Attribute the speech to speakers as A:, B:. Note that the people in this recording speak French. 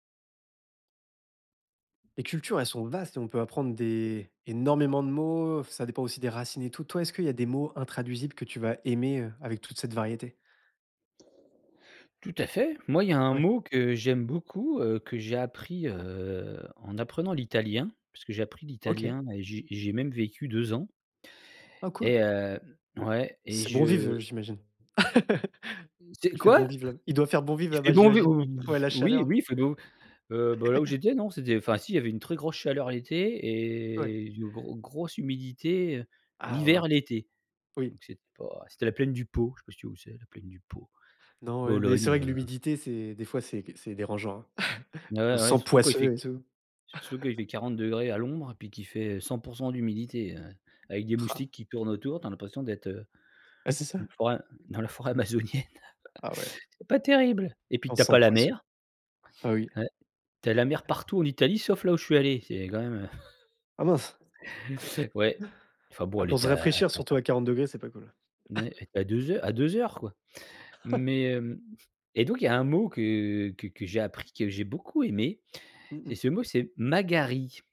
A: Les cultures, elles sont vastes et on peut apprendre des énormément de mots, ça dépend aussi des racines et tout. Toi, est-ce qu'il y a des mots intraduisibles que tu vas aimer, heu, avec toute cette variété?
B: Tout à fait. Moi, il y a un
A: Ouais.
B: mot que j'aime beaucoup, heu, que j'ai appris heu, en apprenant l'italien, puisque j'ai appris
A: OK.
B: l'italien et j'ai j'ai même vécu 2 ans
A: Ah cool.
B: et hem ouais, et
A: C'est bon vivre, heu,
B: je
A: j'imagine.
B: C'est
A: Il fait bon
B: quoi?
A: vivre là, il doit faire bon vivre
B: Il fait
A: là-bas
B: bon vivre?
A: j'imagine.
B: Heu
A: Ouais la
B: oui,
A: chaleur.
B: oui, il fait bon heu, bah là, ou j'étais, non, c'était enfin si il y avait une très grosse chaleur l'été
A: Ouais.
B: et une gros grosse humidité, heu,
A: Ah
B: l'hiver,
A: mince.
B: l'été.
A: Oui.
B: Donc c'était pas c'était la plaine du Pô, je sais pas si tu vois où c'est, le plaine du Pô,
A: Non, ouais, mais c'est
B: Bologne,
A: vrai que
B: heu
A: l'humidité c'est, des fois, c'est c'est dérangeant. On
B: Ne
A: se
B: ouais,
A: sent
B: surtout quand il fait
A: poisseux et tout.
B: surtout quand il fait 40° à l'ombre et puis qu'il fait 100 % d'humidité, heu, avec des
A: Ah!
B: moustiques qui tournent autour. Tu as l'impression d'être, heu,
A: Ben, c'est
B: dans une
A: ça.
B: forêt dans la forêt amazonienne.
A: Ah ouais.
B: C'est pas terrible et puis
A: On
B: tu as
A: se
B: pas
A: sent
B: la
A: poisseux.
B: mer
A: Heu, oui.
B: ouais, tu as la mer partout en Italie sauf là où je suis allé. C'est quand même, heu
A: Ah mince!
B: Ouais, enfin bon,
A: Ah,
B: elle
A: pour se
B: était à à
A: rafraîchir
B: à
A: surtout à 40°, c'est pas cool.
B: N ouais, à 2 heur à 2 heures, quoi. Mais, hem, et donc il y a un mot que que que j'ai appris, que j'ai beaucoup aimé.
A: Mmh
B: C'est
A: mh.
B: ce mot c'est: «Magari».